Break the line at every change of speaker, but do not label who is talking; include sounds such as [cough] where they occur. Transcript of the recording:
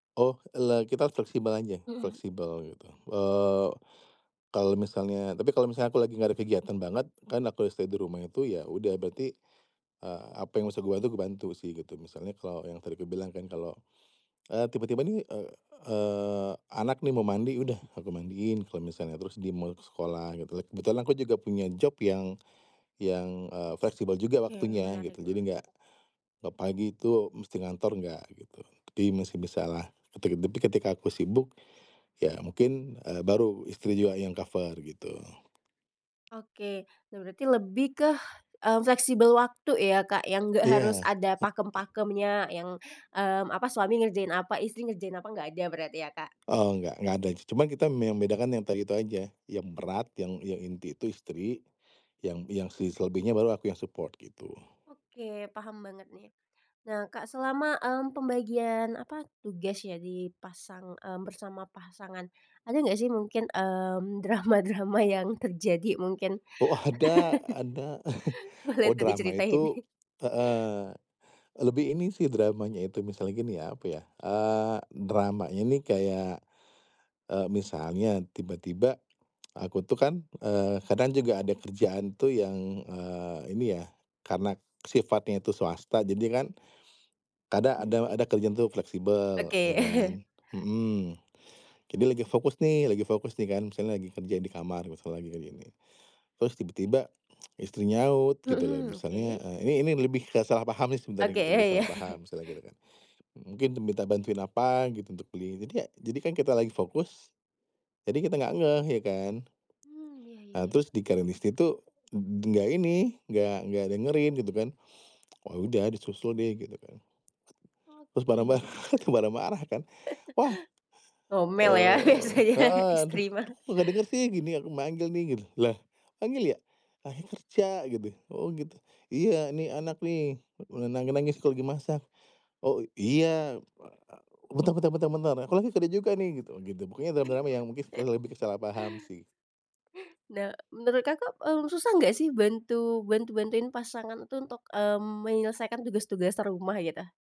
Oh, e la kita fleksibel aja,
Mhm.
fleksibel gitu. Eee, kalau misalnya tapi kalau misalnya aku lagi nggak ada kegiatan banget, kan aku udah stay di rumah itu ya, udah berarti, eee, apa yang bisa gue bantu, gue bantu sih gitu, misalnya kalau yang tadi aku bilang kan kalau, eee, tiba-tiba nih, eee eee, anak nih mau mandi, udah aku mandiin, kalau misalnya terus dia mau ke sekolah gitu kan. Kebetulan aku juga punya job yang yang, eee, fleksibel juga
Oke,
waktunya
menarik,
gitu. Jadi,
mhm.
nggak tiap pagi itu mesti ngantor, enggak gitu. Tapi masih bisa lah. Ketib tapi ketika aku sibuk, ya mungkin, eee, baru istri juga yang cover gitu.
Oke. Nah, berarti lebih ke, mmm, fleksibel waktu ya, Kak, yang nggak harus
Iya.
ada pakem-pakemnya yang, mmm, apa suami ngerjain apa, istri ngerjain apa nggak ada berarti ya, Kak?
Oh, nggak nggak ada, cu cuma kita memang bedakan yang tadi itu aja, yang berat yang yang inti itu istri, yang yang si selebihnya baru aku yang support, gitu.
Oke, paham banget nih. Nah, Kak, selama, mmm, pembagian apa, tugas ya, di pasang, mmm, bersama pasangan. Ada nggak sih mungkin, mmm, drama-drama yang terjadi mungkin?
Oh, ada,
[chuckles]
ada. [chuckles]
Boleh
Oh,
tuh
drama
diceritain.
itu
[chuckles]
heeh, lebih ini sih dramanya itu, misalnya gini ya, apa ya, eee, dramanya ini kayak, eee, misalnya tiba-tiba [tsk] aku tuh kan, eee, kadang juga ada kerjaan tuh yang, eee, ini ya, karena sifatnya itu swasta, jadi kan kadang
Hmm,
ada
ri
ada kerjaan tuh fleksibel, ya
Oke.
kan?
[chuckles]
Mhm. Jadi lagi fokus nih lagi fokus nih kan, misalnya lagi kerja di kamar misalnya kayak gini, terus tiba-tiba istri nyaut gitu loh,
Mhm,
misalnya,
oke.
eee, ini ini lebih ke salah pahamnya sih,
Oke,
sebenarnya gitu,
ya
lebih
ya.
salah
[chuckles]
paham misalnya gitu kan. M mungkin minta bantuin apa gitu, untuk beli ini dia, jadi kan kita lagi fokus, jadi kita nggak ngeh, ya kan.
Hmm, ya ya
Eee, terus
ya.
dikirain istri tuh eb nggak ini, nggak nggak dengerin gitu kan. Ya udah disusul deh gitu, kan.
Oke
Terus
oke. [chuckles]
marah-marah tuh, marah-marah kan. Wah,
Ngomel ya
eee
biasanya
heeh,
istri
terus tuh,
mah.
"Kok nggak denger sih, gini aku manggil nih!" Gitu. "Lah manggil ya? Ayah kerja," gitu. "Oh, gitu," "Iya, nih anak nih, e nangis-nangis aku lagi masak." "Oh, iya, wa a bentar bentar bentar bentar, aku lagi kerja juga nih," gitu gitu. Pokoknya drama-drama yang mungkin ke
[chuckles]
lebih ke salah paham sih.
Nah, menurut Kakak, mmm, susah nggak sih, bantu bantu bantuin pasangan itu untuk, mmm, menyelesaikan tugas-tugas rumah gitu?